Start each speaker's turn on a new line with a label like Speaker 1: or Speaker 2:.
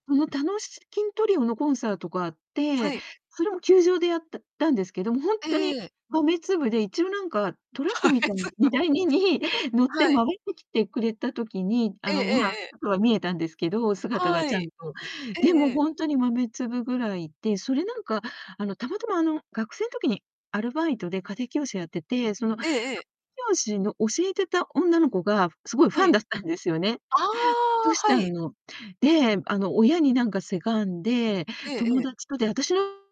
Speaker 1: その、たのきんトリオのコンサートがあっ
Speaker 2: は
Speaker 1: て、
Speaker 2: い。
Speaker 1: それも球場でやっただんですけど、も、ほん
Speaker 2: え
Speaker 1: とに
Speaker 2: えええ。
Speaker 1: 豆粒で、一応なんかトラッ
Speaker 2: 豆
Speaker 1: クみたいに、荷
Speaker 2: 粒。
Speaker 1: 台にに乗っ
Speaker 2: は
Speaker 1: て回
Speaker 2: い。
Speaker 1: ってきてくれた時に、あ
Speaker 2: ええ
Speaker 1: の、
Speaker 2: ええ
Speaker 1: まあ、
Speaker 2: ええ。
Speaker 1: ちょっとは見えたんですけど、姿が
Speaker 2: は
Speaker 1: ち
Speaker 2: い。
Speaker 1: ゃんと。
Speaker 2: ええ
Speaker 1: で
Speaker 2: え
Speaker 1: も、
Speaker 2: え。
Speaker 1: ほんとに豆粒ぐらいで、それ、なんか、あの、たまたま、あの、学生ん時にアルバイトで家庭教師をやってて、その、家庭
Speaker 2: ええええ。
Speaker 1: 教師の教えてた女の子が凄いフ
Speaker 2: は
Speaker 1: ァン
Speaker 2: い。
Speaker 1: だったんですよね、
Speaker 2: あ
Speaker 1: ト
Speaker 2: あ、
Speaker 1: シちゃ
Speaker 2: はい。
Speaker 1: んの。で、あの、親になんかせがんで、
Speaker 2: えええ
Speaker 1: 友
Speaker 2: え。
Speaker 1: 達と、で、私の